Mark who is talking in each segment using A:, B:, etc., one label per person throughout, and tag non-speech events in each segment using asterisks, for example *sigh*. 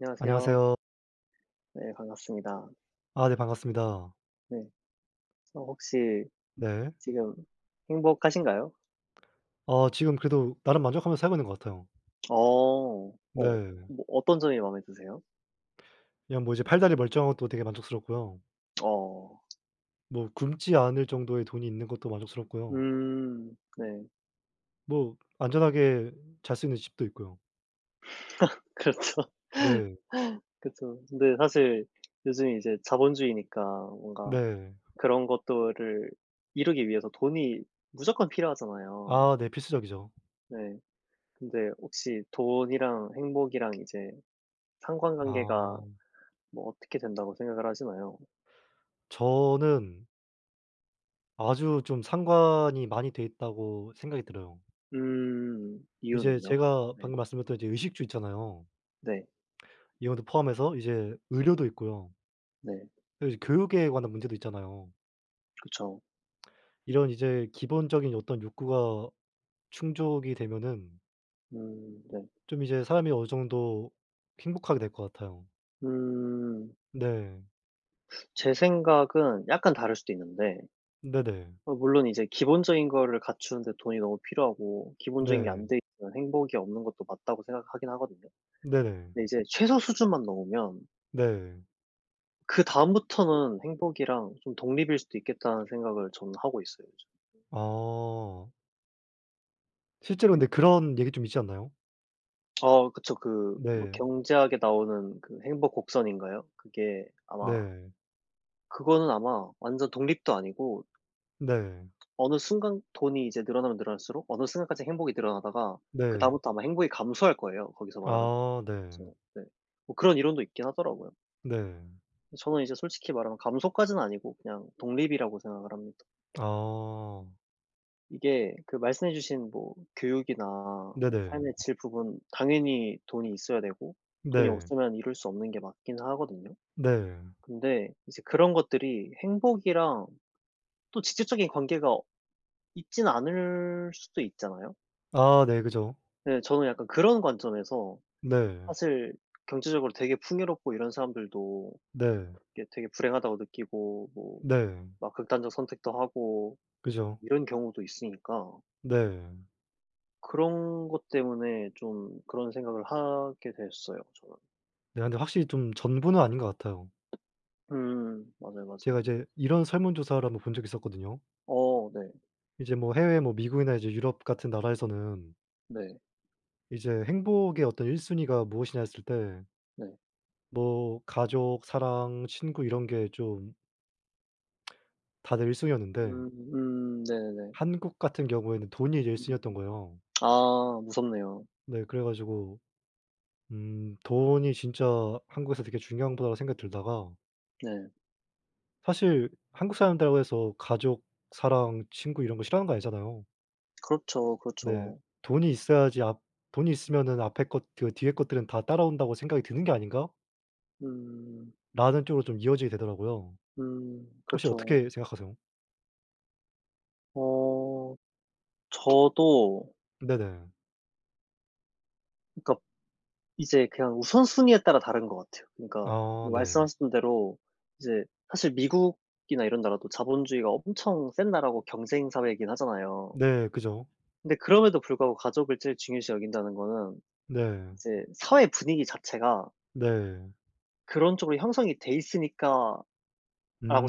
A: 안녕하세요.
B: 안녕하세요.
A: 네 반갑습니다.
B: 아 네 반갑습니다.
A: 네. 저 혹시
B: 네.
A: 지금 행복하신가요?
B: 어 지금 그래도 나름 만족하면서 살고 있는 것 같아요.
A: 어. 어
B: 네.
A: 뭐 어떤 점이 마음에 드세요?
B: 그냥 뭐 이제 팔다리 멀쩡한 것도 되게 만족스럽고요.
A: 어.
B: 뭐 굶지 않을 정도의 돈이 있는 것도 만족스럽고요.
A: 음. 네.
B: 뭐 안전하게 잘 수 있는 집도 있고요.
A: *laughs* 그렇죠.
B: 네.
A: 그쵸. 근데 사실 요즘에 이제 자본주의니까 뭔가
B: 네.
A: 그런 것들을 이루기 위해서 돈이 무조건 필요하잖아요.
B: 아 네. 필수적이죠.
A: 네. 근데 혹시 돈이랑 행복이랑 이제 상관관계가
B: 아.
A: 뭐 어떻게 된다고 생각을 하시나요?
B: 저는 아주 좀 상관이 많이 돼 있다고 생각이 들어요.
A: 음.
B: 이제
A: 이유는요?
B: 제가
A: 네.
B: 방금 말씀드렸던 이제 의식주 있잖아요.
A: 네.
B: 이것도 포함해서 이제 의료도 있고요.
A: 네.
B: 여 이 교육에 관한 문제도 있잖아요.
A: 그쵸.
B: 이런 이제 기본적인 어떤 욕구가 충족이 되면은
A: 음 네.
B: 좀 이제 사람이 어느 정도 행복하게 될 것 같아요.
A: 음.
B: 네.
A: 제 생각은 약간 다를 수도 있는데
B: 네네.
A: 어 물론 이제 기본적인 거를 갖추는 데 돈이 너무 필요하고 기본적인 게
B: 네.
A: 안 돼 있으면 행복이 없는 것도 맞다고 생각하긴 하거든요.
B: 네네.
A: 근데 이제 '최소 수준만 넘으면'
B: 네.
A: '그다음부터는 행복이랑 좀 독립일 수도 있겠다.'는 생각을 저는 하고 있어요, 요즘.
B: 어. 실제로
A: 그
B: 근데 그런 얘기 좀 있지 않나요?
A: 어 그쵸. 그 뭐
B: 네.
A: 경제학에 나오는 그 행복 곡선인가요? 그게 아마
B: 네.
A: 그거는 아마 완전 독립도 아니고
B: 네.
A: 어느 순간 돈이 이제 늘어나면 늘어날수록 어느 순간까지 행복이 늘어나다가 그
B: 네.
A: 다음부터 아마 행복이 감소할 거예요. 거기서 말하는
B: 아 네.
A: 그쵸 네. 뭐 그런 이론도 있긴 하더라고요.
B: 네.
A: 저는 이제 솔직히 말하면 감소까지는 아니고 그냥 독립이라고 생각을 합니다.
B: 어.
A: 이게 그 말씀해 주신 뭐 교육이나
B: 네네.
A: 삶의 질 부분 당연히 돈이 있어야 되고 돈이
B: 네.
A: 없으면 이룰 수 없는 게 맞긴 하거든요.
B: 네.
A: 근데 이제 그런 것들이 행복이랑 또 직접적인 관계가 있진 않을 수도 있잖아요.
B: 아 네 그죠.
A: 네 저는 약간 그런 관점에서
B: 네.
A: 사실 경제적으로 되게 풍요롭고 이런 사람들도
B: 네.
A: 이게 되게 불행하다고 느끼고 뭐
B: 네.
A: 막 극단적 선택도 하고
B: 그죠.
A: 이런 경우도 있으니까
B: 네.
A: 그런 것 때문에 좀 그런 생각을 하게 됐어요, 저는.
B: 네. 근데 확실히 좀 전부는 아닌 것 같아요.
A: 음. 맞아요,
B: 제가
A: 맞아요.
B: 이제 이런 설문 조사를 1 번 본 적이 있었거든요.
A: 어 네.
B: 이제 뭐 해외 뭐 미국이나 이제 유럽 같은 나라에서는
A: 네.
B: 이제 행복의 어떤 1 순위가 무엇이냐 했을 때
A: 네.
B: 뭐 가족, 사랑, 친구 이런 게 좀 *smacks lips* 다들 1 순위였는데
A: 음 음. 네네네.
B: 한국 같은 경우에는 돈이 이제 1
A: 음.
B: 순위이었던 거에요.
A: 아 무섭네요.
B: 네. 그래 가지고 음 돈이 진짜 한국에서 되게 중요한 거라고 생각 들다가
A: 네.
B: 사실 한국 사람들이라고 해서 가족, 사랑, 친구 이런 거 싫어하는 거 아니잖아요.
A: 그렇죠,
B: 네.
A: 그렇죠.
B: '돈이 있어야지 앞 돈이 있으면 앞에 것 그 뒤에 것들은 다 따라온다고 생각이 드는 게 아닌가?'
A: 음.
B: 라는 쪽으로 좀 이어지게 되더라고요.
A: 음
B: 혹시
A: 그쵸.
B: 어떻게 생각하세요?
A: 어 저도
B: 네네.
A: 그러니까 이제 그냥 우선 순위에 따라 다른 것 같아요. 그러니까
B: 아
A: 뭐
B: 네.
A: 말씀하셨던 대로 이제 사실 미국이나 이런 나라도 자본주의가 엄청 센 나라고 경쟁 사회이긴 하잖아요.
B: 네 그죠.
A: 근데 그럼에도 불구하고 가족을 제일 중요시 여긴다는 거는
B: 네.
A: 이제 '사회 분위기 자체가'
B: 네.
A: '그런 쪽으로 형성이 돼 있으니까.'라고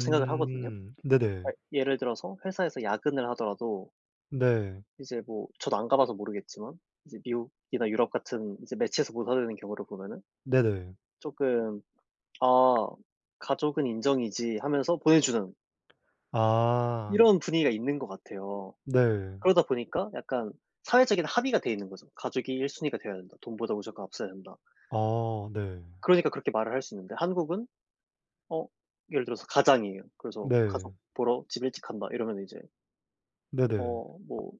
A: 생각을 하거든요.
B: 네네.
A: 그러니까 예를 들어서 회사에서 야근을 하더라도
B: 네.
A: 이제 뭐 저도 안 가 봐서 모르겠지만 이제 미국이나 유럽 같은 이제 매체에서 보여주는 경우를 보면은
B: 네네.
A: 쪼끔 '아 가족은 인정이지.' 하면서 보여주는
B: 아.
A: 이런 분위기가 있는 것 같아요.
B: 네.
A: 그러다 보니까 약간 사회적인 합의가 돼 있는 거죠. '가족이 1 순위가 되어야 된다. 돈보다 무조건 앞서야 한다.'
B: 어 네.
A: 그러니까 그렇게 말을 할 수 있는데 한국은 어 예를 들어서 가장이에요. 그래서 "가족
B: 네.
A: 보러 집에 일찍 간다." 이러면 이제
B: 네네.
A: 어 뭐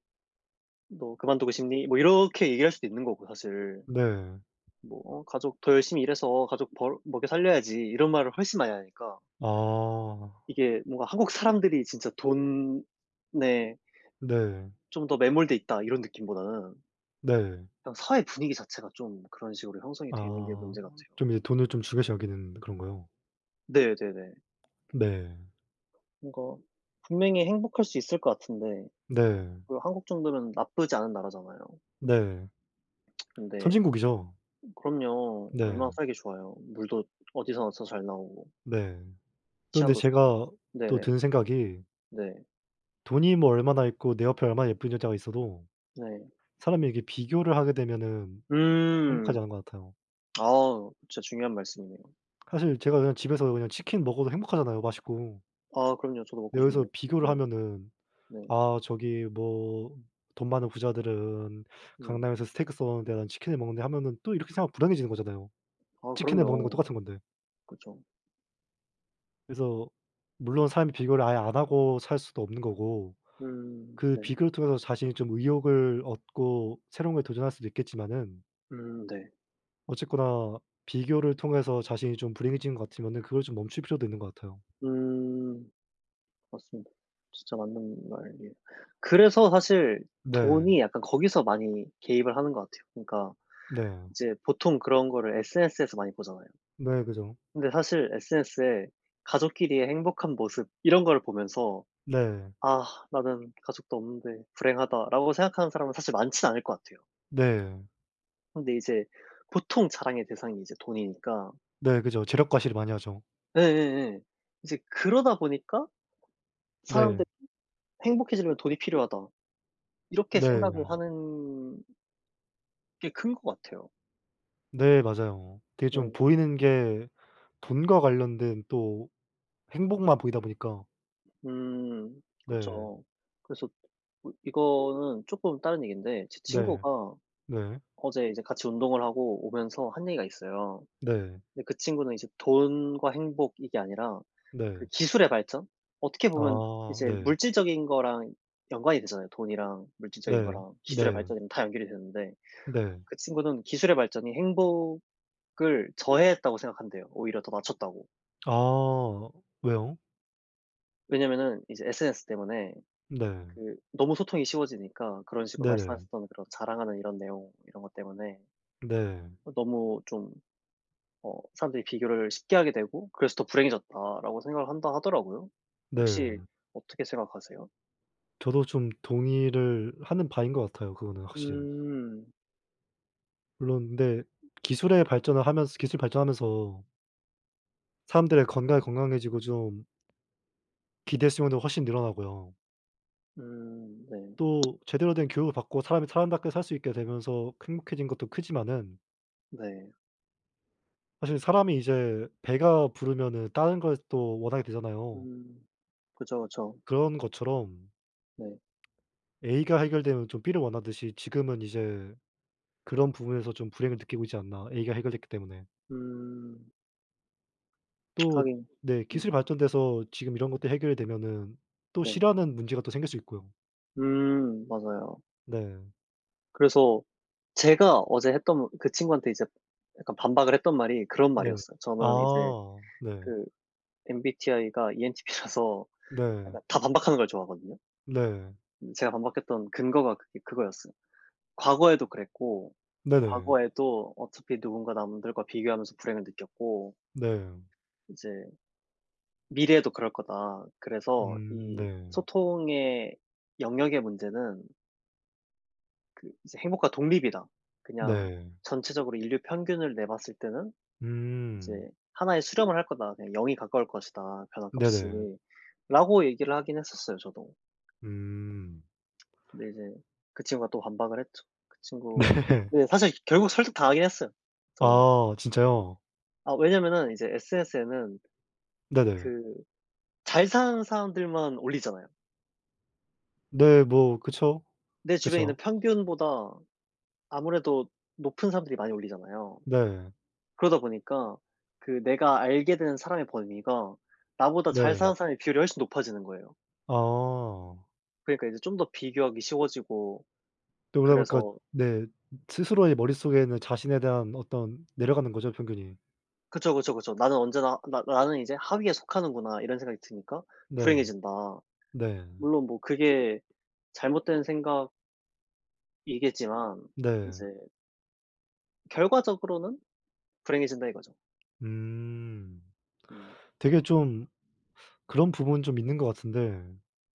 A: "너 그만두고 싶니?" 뭐 이렇게 얘기할 수도 있는 거고 사실
B: 네.
A: 뭐 어 가족 "더 열심히 일해서 가족 벌 먹여 살려야지." 이런 말을 훨씬 많이 하니까
B: 아.
A: 이게 뭔가 '한국 사람들이 진짜 돈에'
B: 네.
A: '좀 더 매몰돼 있다.' 이런 느낌보다는
B: 네.
A: 그냥 사회 분위기 자체가 좀 그런 식으로 형성이
B: 아.
A: 돼 있는 게
B: 어
A: 문제 같아요.
B: 좀 이제 돈을 좀 중요시 여기는 그런거요.
A: 네 네네.
B: 네.
A: 뭔가 분명히 행복할 수 있을 것 같은데
B: 네.
A: 그 한국 정도면 나쁘지 않은 나라잖아요.
B: 네.
A: *tsk* 근데
B: 선진국이죠.
A: 그럼요. 얼마나
B: 네.
A: 살기 좋아요. 물도 어디서나 다 잘 나오고
B: 네. 또 근데
A: 치안도 좋고.
B: 제가 또
A: 네네.
B: 든 생각이
A: 네.
B: 돈이 뭐 얼마나 있고 내 옆에 얼마나 예쁜 여자가 있어도
A: 네.
B: 사람이 이렇게 비교를 하게 되면은 행복하지
A: 음.
B: 않은 것 같아요.
A: 아 진짜 중요한 말씀이네요.
B: 사실 제가 그냥 집에서 그냥 치킨 먹어도 행복하잖아요, 맛있고.
A: 아 그럼요. 저도
B: 네
A: 먹고
B: 여기서
A: 싶네요.
B: 비교를
A: 네.
B: 하면은
A: 네.
B: '아 저기 뭐 돈 많은 부자들은
A: 음.
B: 강남에서 스테이크 써는데 나는 치킨을 먹는데.' 하면은 또 이렇게 생각하면 불행해지는 거잖아요.
A: 아
B: 치킨을 먹는 건
A: 그럼요.
B: 똑같은 건데.
A: 그쵸.
B: 그래서 물론 사람이 비교를 아예 안 하고 살 수도 없는 거고
A: 음
B: 그
A: 네.
B: 비교를 통해서 자신이 좀 의욕을 얻고 새로운 것에 도전할 수도 있겠지만은
A: 음 네.
B: 어쨌거나 비교를 통해서 자신이 좀 불행해진 것 같으면은 그걸 좀 멈출 필요도 있는 것 같아요.
A: 음. 맞습니다. 진짜 맞는 말이에요. 그래서 사실
B: 네.
A: 돈이 약간 거기서 많이 개입을 하는 것 같아요. 그러니까
B: 네.
A: 이제 보통 그런 거를 SNS에서 많이 보잖아요.
B: 네 그죠.
A: 근데 사실 SNS에 가족끼리의 행복한 모습 이런 걸 보면서
B: 네.
A: '아 나는 가족도 없는데 불행하다.'라고 생각하는 사람은 사실 많진 않을 것 같아요.
B: 네.
A: 근데 이제 보통 자랑의 대상이 이제 돈이니까
B: 네 그죠. 재력 과시를 많이 하죠.
A: 예예예. 이제 그러다 보니까 사람들이
B: 네.
A: '행복해지려면 돈이 필요하다.' 이렇게 생각을
B: 네.
A: 하는 게 큰 것 같아요.
B: 네 맞아요. 그게 좀
A: 네.
B: 보이는게 돈과 관련된 또 행복만 보이다 보니까.
A: 음
B: 네.
A: 그쵸. 그래서 어 이거는 쪼끔 다른 얘긴데 제
B: 네.
A: 친구가
B: 네.
A: 어제 이제 같이 운동을 하고 오면서 한 얘기가 있어요.
B: 네.
A: 근데 그 친구는 이제 돈과 행복 이게 아니라 그
B: 네.
A: 기술의 발전? 어떻게 보면
B: 아
A: 이제
B: 네.
A: 물질적인 거랑 연관이 되잖아요. 돈이랑 물질적인
B: 네.
A: 거랑 기술의
B: 네.
A: 발전이랑 다 연결이 되는데
B: 네.
A: 그 친구는 기술의 발전이 행복을 저해했다고 생각한대요, 오히려 더 낮췄다고.
B: 아 왜요?
A: 왜냐면은 이제 SNS 때문에
B: 네.
A: 그 너무 소통이 쉬워지니까 그런 식으로
B: 네네.
A: 말씀하셨던 '그런 자랑하는 이런 내용 이런 것 때문에
B: 네.
A: 너무 좀 어 사람들이 비교를 쉽게 하게 되고 그래서 더 불행해졌다.'라고 생각을 한다 하더라고요. 혹시
B: 네.
A: 어떻게 생각하세요?
B: 저도 좀 동의를 하는 바인 것 같아요, 그거는 확실히.
A: 음.
B: 물론 근데 기술의 발전을 하면서 기술이 발전하면서 사람들의 건강이
A: 네.
B: 건강해지고 좀 기대수명도 훨씬 늘어나고요.
A: 음 네. *smacks lips*
B: 또 제대로 된 교육을 받고 사람이 사람답게 살 수 있게 되면서 행복해진 것도 크지만은
A: 네.
B: 사실 사람이 이제 배가 부르면은 다른 걸 또 원하게 되잖아요.
A: 음. 그죠 그쵸.
B: 그런 것처럼
A: 네.
B: ...에이가 해결되면 좀 비를 원하듯이 지금은 이제 그런 부분에서 좀 불행을 느끼고 있지 않나, 에이가 해결됐기 때문에.
A: 음. *tsk*
B: 또
A: 하긴
B: 네 기술이
A: 음.
B: 발전돼서 지금 이런 것들이 해결이 되면은 또
A: 네.
B: 싫어하는 문제가 또 생길 수 있고요.
A: 음 맞아요.
B: 네.
A: 그래서 제가 어제 했던 그 친구한테 이제 약간 반박을 했던 말이 그런
B: 네.
A: 말이었어요. 저는 이제
B: 아 네.
A: 그 MBTI가 ENTP라서
B: 네.
A: 약간 다 반박하는 걸 좋아하거든요.
B: 네.
A: 음 제가 반박했던 근거가 그게 그거였어요. "과거에도 그랬고
B: 네네.
A: 과거에도 어차피 누군가 남들과 비교하면서 불행을 느꼈고"
B: 네.
A: "...이제 미래에도 그럴 거다." 그래서
B: 음
A: 이
B: 네.
A: 소통의 영역의 문제는 그 이제 "행복과 독립이다. 그냥
B: 네.
A: 전체적으로 인류 평균을 내 봤을 때는 이제
B: 음.
A: 하나에 수렴을 할 거다. 네 0 이 가까울 것이다,
B: 네네.
A: 변화값이." 라고 얘기를 하긴 했었어요, 저도.
B: 음.
A: *tsk* 근데 이제 그 친구가 또 반박을 했죠. 그 친구
B: 네.
A: 네 사실 결국 설득 당하긴 했어요, 저는.
B: 아 진짜요?
A: 아 왜냐면은 이제 SNS에는
B: 네네.
A: 그 잘 사는 사람들만 올리잖아요.
B: 네 뭐 그쵸.
A: 내 주변에 있는
B: 그죠.
A: 평균보다 아무래도 높은 사람들이 많이 올리잖아요.
B: 네.
A: 그러다 보니까 그 내가 알게 된 사람의 범위가 나보다 잘
B: 네.
A: 사는 사람의 비율이 훨씬 높아지는 거예요.
B: 아.
A: 그러니까 이제 좀 더 비교하기 쉬워지고
B: 또 그러다 보니까
A: 그래서
B: 네 스스로의 머릿속에 있는 자신에 대한 어떤 내려가는 거죠, 평균이.
A: 그쵸, 그쵸, 그쵸. 나는 언제나 나 '나는 이제 하위에 속하는구나.' 이런 생각이 드니까
B: 네.
A: 불행해진다.
B: 네.
A: 물론 뭐 그게 잘못된 생각 이겠지만
B: 네.
A: 이제 결과적으로는 불행해진다 이거죠.
B: 음.
A: 음.
B: 되게 좀 그런 부분은 좀 있는 것 같은데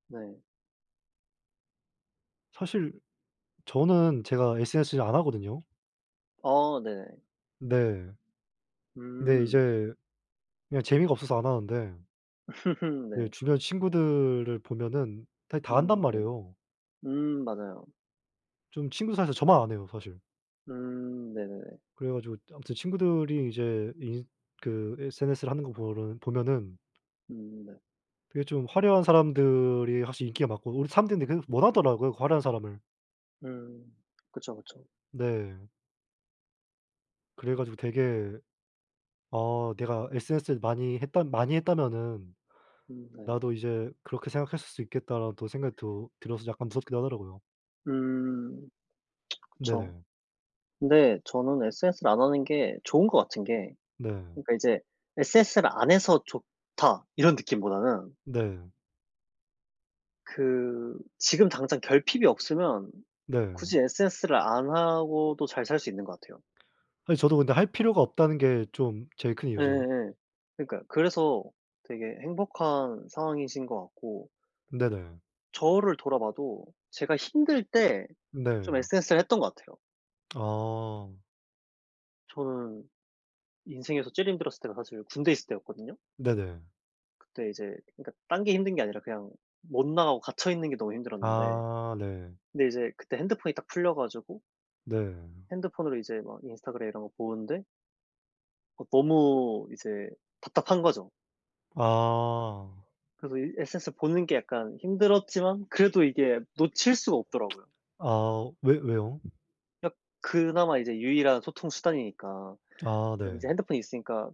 A: 네.
B: 사실 저는 제가 SNS를 안 하거든요.
A: 어 네.
B: 네. 근데
A: 음.
B: 이제 그냥 재미가 없어서 안 하는데
A: *laughs*
B: 네
A: 네.
B: 주변 친구들을 보면은 타 다 한단
A: 음 네.
B: 말이에요.
A: 음 맞아요.
B: 좀 친구들 사이에서 저만 안 해요, 사실.
A: 음 네네네.
B: 그래 가지고 아무튼 친구들이 이제 인 그 SNS를 하는 거 보른 보면은
A: 음 네.
B: 그게 좀 화려한 사람들이 확실히 인기가 많고 우리 사람들이 근데 계속 원하더라고요, 그 화려한 사람을.
A: 음. 그쵸, 그쵸.
B: 네. 그래 가지고 되게 아 '내가 SNS를 많이 했던 많이 했다면은
A: 음 네.
B: 나도 이제 그렇게 생각했을 수 있겠다.'라는 또 생각이 들 들어서 약간 무섭기도 하더라고요.
A: 음. *tsk* 그쵸.
B: 네네.
A: 근데 저는 SNS를 안 하는 게 좋은 것 같은 게
B: 네.
A: 그니까 이제 'SNS를 안 해서 좋다.' 이런 느낌보다는
B: 네.
A: 그 지금 당장 결핍이 없으면
B: 네.
A: 굳이 SNS를 안 하고도 잘 살 수 있는 것 같아요.
B: 사실 저도 근데 할 필요가 없다는 게 좀 제일 큰 이유죠.
A: 예예예 그러니까요. 그래서 되게 행복한 상황이신 것 같고
B: 네네.
A: 저를 돌아봐도 제가 힘들 때 좀
B: 네.
A: SNS를 했던 것 같아요.
B: 아.
A: 저는 인생에서 제일 힘들었을 때가 사실 군대에 있을 때였거든요.
B: 네네.
A: 그때 이제 그니까 딴 게 힘든 게 아니라 그냥 못 나가고 갇혀 있는 게 너무 힘들었는데
B: 아 네.
A: 근데 이제 그때 핸드폰이 딱 풀려 가지고
B: 네.
A: 핸드폰으로 이제 막 인스타그램 이런 거 보는데 어 너무 이제 답답한 거죠.
B: 아.
A: 그래서 이 SNS 보는 게 약간 힘들었지만 그래도 이게 놓칠 수가 없더라고요.
B: 아 어 왜 왜요?
A: 그냥 그나마 이제 유일한 소통 수단이니까
B: 아
A: 그래도
B: 네.
A: 인제 핸드폰이 있으니까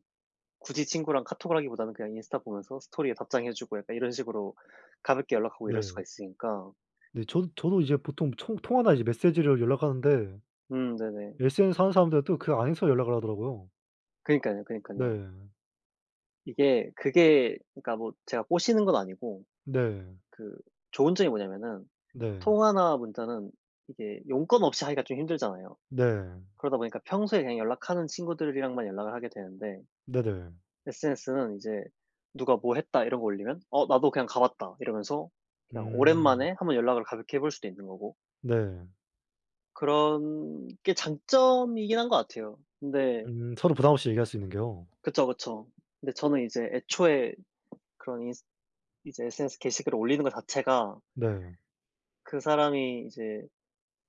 A: 굳이 친구랑 카톡을 하기보다는 그냥 인스타 보면서 스토리에 답장해 주고 약간 이런 식으로 가볍게 연락하고 이럴
B: 네.
A: 수가 있으니까
B: 네 저도 저도 이제 보통 총 통화나 이제 메시지로 연락하는데
A: 음 네네.
B: SNS 하는 사람들은 또 그 안에서 연락을 하더라고요.
A: 그러니깐요, 그러니깐요.
B: 네.
A: 이게 그게 그니까 뭐 제가 꼬시는건 아니고
B: 네.
A: 그 좋은 점이 뭐냐면은
B: 네.
A: 통화나 문자는 이게 용건 없이 하기가 좀 힘들잖아요.
B: 네.
A: 그러다 보니까 평소에 그냥 연락하는 친구들이랑만 연락을 하게 되는데
B: 네네.
A: SNS 는 이제 누가 뭐 했다 이런 거 올리면 어 나도 그냥 가봤다 이러면서 그냥
B: 음.
A: 오랜만에 한번 연락을 가볍게 해볼 수도 있는 거고
B: 네.
A: 그런 게 장점이긴 한 것 같아요. 근데
B: 음 서로 부담 없이 얘기할 수 있는 게요.
A: 그쵸, 그쵸. 근데 저는 이제 애초에 그런 인스 이제 'SNS 게시글을 올리는 것 자체가'
B: 네.
A: '그 사람이 이제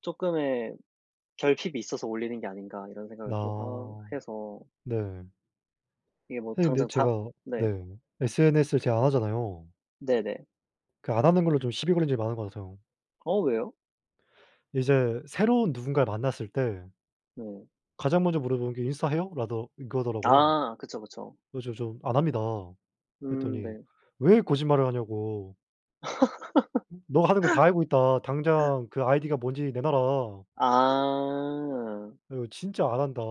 A: 쪼끔의 결핍이 있어서 올리는 게 아닌가.' 이런 생각을 좀 하
B: 아
A: 해서
B: 네.
A: 이게 뭐
B: 사실 근데
A: 당장 다
B: 제가
A: 네.
B: 네. SNS 를 제가 안 하잖아요.
A: 네네.
B: 그 안 하는 걸로 좀 시비 걸린 적이 많은 것 같아요.
A: 어 왜요?
B: 이제 새로운 누군가를 만났을 때
A: 네.
B: 가장 먼저 물어보는 게 "인스타 해요?" 라더 이거더라고요.
A: 아 그쵸, 그쵸.
B: 그래 가지고 "저 안 합니다."
A: 음
B: 그랬더니
A: 네.
B: 왜 거짓말을 하냐고 네가 하는 거 다 알고
A: *laughs*
B: 있다. 당장 그 아이디가 뭔지 내놔라.
A: 아.
B: 어 이거 진짜 안 한다.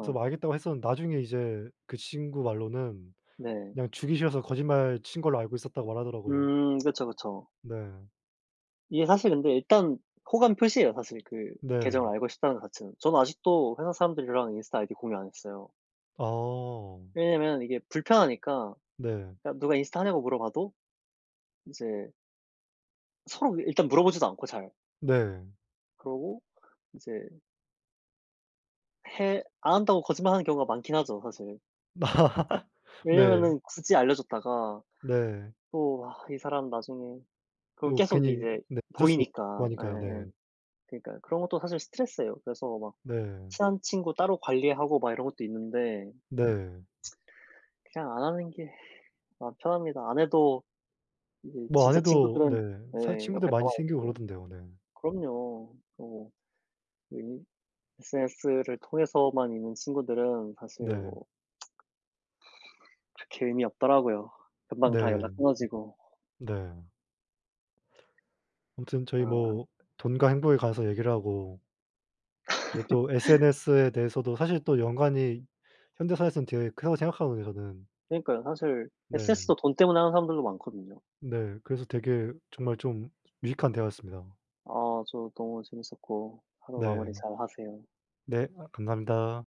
B: 그래서 뭐 알겠다고 했었는데 나중에 이제 그 친구 말로는
A: 네.
B: 그냥 주기 싫어서 거짓말 친 걸로 알고 있었다고 말하더라고요.
A: 음 그쵸, 그쵸.
B: 네.
A: 이게 사실 근데 일단 호감 표시예요, 사실 그 계정을
B: 네.
A: 알고 싶다는 거 자체는. 저는 아직도 회사 사람들이랑 인스타그램 아이디 공유 안 했어요.
B: 어.
A: 왜냐면 이게 불편하니까.
B: 네.
A: 그러니까 누가 인스타 하냐고 물어봐도 이제 서로 일단 물어보지도 않고 잘.
B: 네.
A: 그러고 이제 해 안 한다고 거짓말하는 경우가 많긴 하죠, 사실.
B: *laughs* 네.
A: 왜냐면은 굳이 알려 줬다가
B: 네.
A: 또 아 이 사람 나중에 그럼
B: 또
A: 계속
B: 괜히
A: 이제
B: 네 구설수에 오르고
A: 보이니까.
B: 하니까요. 네.
A: 예예예. 그니까요. 그런 것도 사실 스트레스예요. 그래서 막
B: 네.
A: 친한 친구 따로 관리하고 막 이런 것도 있는데
B: 네.
A: *tsk* 그냥 안 하는 게 마음 편합니다. 안 해도 이제
B: 뭐 안
A: 진짜
B: 해도
A: 친구들은
B: 네 사실
A: 네
B: 친구들
A: 옆에
B: 많이
A: 나와
B: 생기고
A: 있고.
B: 그러던데요 네.
A: 그럼요. 뭐 이 SNS를 통해서만 있는 친구들은 사실
B: 네.
A: 뭐 *tsk* 그렇게 의미 없더라고요. 금방 다
B: 네.
A: 연락 끊어지고.
B: 네. 아무튼 저희
A: 아.
B: 뭐 돈과 행복에 관해서 얘기를 하고 네 또
A: *laughs*
B: SNS에 대해서도 사실 또 연관이 현대 사회에선 되게 크다고 생각하거든요 저는.
A: 그러니까요. 사실
B: 네.
A: SNS도 돈 때문에 하는 사람들도 많거든요.
B: 네 그래서 되게 정말 좀 유익한 대화였습니다.
A: 아 저 너무 재밌었고 하루 마무리
B: 네.
A: 잘하세요.
B: 네 아 감사합니다.